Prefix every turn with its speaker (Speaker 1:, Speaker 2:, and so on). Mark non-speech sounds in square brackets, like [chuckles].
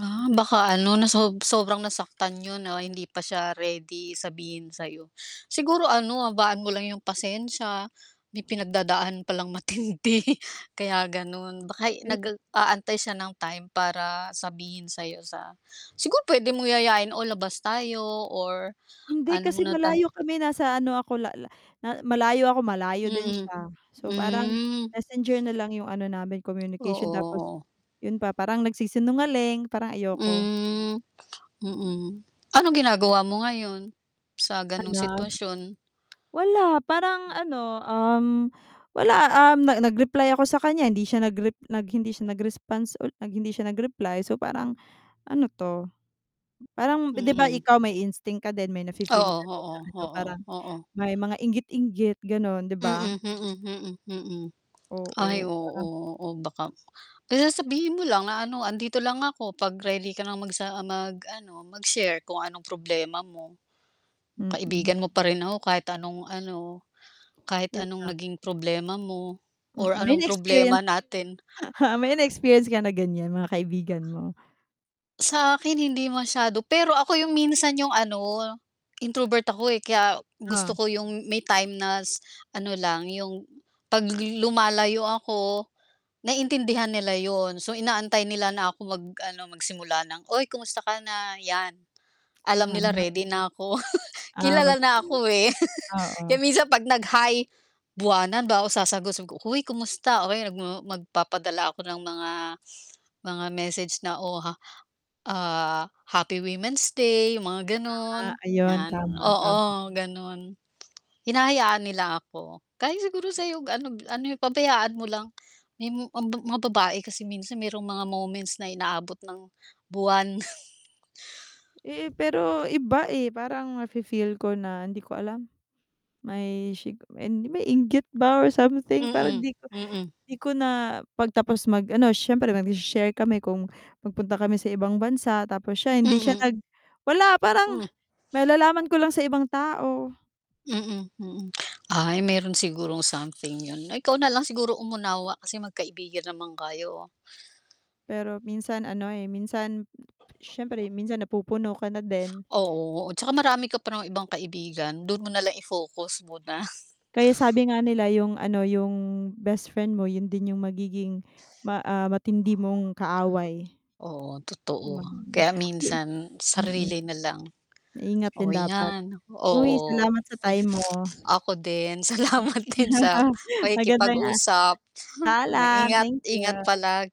Speaker 1: Ah, baka ano na sob sobrang nasaktan yun na hindi pa siya ready sabihin sa'yo. Siguro ano, habaan mo lang yung pasensiya, may pinagdadaan palang matindi, kaya ganun. Baka
Speaker 2: Yun.
Speaker 1: nag-aantay siya ng time para sabihin sa'yo sa siguro puwede mong yayain o labas tayo or
Speaker 2: Hindi,
Speaker 1: ano
Speaker 2: kasi
Speaker 1: na tayo
Speaker 2: malayo kami nasa ano ako lala na malayo ako malayo din
Speaker 1: Mm,
Speaker 2: siya. So, parang
Speaker 1: hmm.
Speaker 2: Messenger na lang yung ano namin,
Speaker 1: Oo,
Speaker 2: communication tapos
Speaker 1: oo.
Speaker 2: yun pa, parang nagsisinungaling, parang ayoko.
Speaker 1: Hmm,
Speaker 2: Mm.
Speaker 1: mm. Anong ginagawa mo ngayon sa gano'ng
Speaker 2: Hala. [tsk]
Speaker 1: sitwasyon?
Speaker 2: Wala, parang ano, um, wala, um, nag-reply ako sa kanya hindi siya nagrep hindi siya nag-response u hindi siya nag-reply. So, parang ano 'to? Parang 'di ba
Speaker 1: Mm.
Speaker 2: ikaw may instinct ka din, may nafi-feel
Speaker 1: Oo,
Speaker 2: ka din na
Speaker 1: oo,
Speaker 2: ano,
Speaker 1: oo,
Speaker 2: parang
Speaker 1: oo.
Speaker 2: may mga inggit-inggit gano'n, 'di
Speaker 1: Mm,
Speaker 2: ba?
Speaker 1: mm, mm, mm. Ay,
Speaker 2: Oo, parang
Speaker 1: oo, oh, baka kaya sasabihin mo lang na ano, "Andito lang ako, 'pag ready ka ng magsa mag-ano, mag-share kung anong problema mo.
Speaker 2: Mm.
Speaker 1: Kaibigan mo pa rin ako kahit anong ano, kahit
Speaker 2: Yun
Speaker 1: anong
Speaker 2: lang.
Speaker 1: naging problema mo
Speaker 2: Mm,
Speaker 1: or
Speaker 2: may
Speaker 1: anong
Speaker 2: na-experience.
Speaker 1: problema natin."
Speaker 2: [snorts] May na-experience ka na ganyan, mga kaibigan mo?
Speaker 1: Sa akin hindi masyado, pero ako yung minsan yung ano, introvert ako, eh, kaya gusto
Speaker 2: Oh.
Speaker 1: ko yung may time na s ano lang yung 'pag lumalayo ako naiintindihan nila yun. So, inaantay nila na ako mag ano, magsimula ng, "Uy, kumusta ka na," 'yan alam nila
Speaker 2: [unintelligible]
Speaker 1: ready na ako.
Speaker 2: Ah, mag.
Speaker 1: Kilala na
Speaker 2: [unintelligible]
Speaker 1: ako, eh, [laughs] kaya
Speaker 2: Oo.
Speaker 1: minsan pag nag hi buwanan bago ako sasagot. Sabi ko, "Hoy, kumusta?" O kaya ma magpapadala ako ng mga [inhales] mga message na o ha ah, Happy Women's Day, yung mga
Speaker 2: Ah,
Speaker 1: ganun,
Speaker 2: ayun.
Speaker 1: 'yan.
Speaker 2: Tama, tama.
Speaker 1: Oo, ganun. Hinahayaan nila ako. Kahit siguro sa'yo ano gi ano yung pabayaan mo lang. Yung mga babae kasi minsan merong mga moments na inaabot ng buwan. [chuckles]
Speaker 2: Eh, pero iba, eh. Parang nafi-feel ko na hindi ko alam, may sigu may inggit ba or something parang
Speaker 1: Mm,
Speaker 2: 'di ko
Speaker 1: mm.
Speaker 2: 'di ko na 'pag tapos mag ano, siyempre magse-share kami kung nagpunta kami sa ibang bansa tapos siya hindi siya
Speaker 1: Mm.
Speaker 2: nag wala, parang
Speaker 1: Hmm.
Speaker 2: malalaman ko lang sa ibang tao.
Speaker 1: Mm, mm. [clicks tongue] Ay meron sigurong something yun. Ikaw na lang siguro umunawa kasi magkaibigan naman kayo.
Speaker 2: Pero minsan ano, eh, minsan siyempre minsan napupuno ka na din.
Speaker 1: Oo, tsaka marami ka pa namang ibang kaibigan, dun mo na lang i-focus muna. [chuckles]
Speaker 2: Kaya sabi nga nila yung ano, yung bestfriend mo yun din yung magiging ma ah, matindi mong kaaway,
Speaker 1: Oo, totoo. Kaya
Speaker 2: [unintelligible]
Speaker 1: minsan
Speaker 2: mm.
Speaker 1: sarili na lang.
Speaker 2: Maingat din
Speaker 1: Oh,
Speaker 2: dapat.
Speaker 1: 'yan.
Speaker 2: Uy,
Speaker 1: Oo.
Speaker 2: salamat sa time mo.
Speaker 1: Ako din, salamat din sa
Speaker 2: [laughs] Maganda a
Speaker 1: pakikipag-usap
Speaker 2: paalam,
Speaker 1: Ingat,
Speaker 2: thank
Speaker 1: ingat
Speaker 2: you.
Speaker 1: palagi.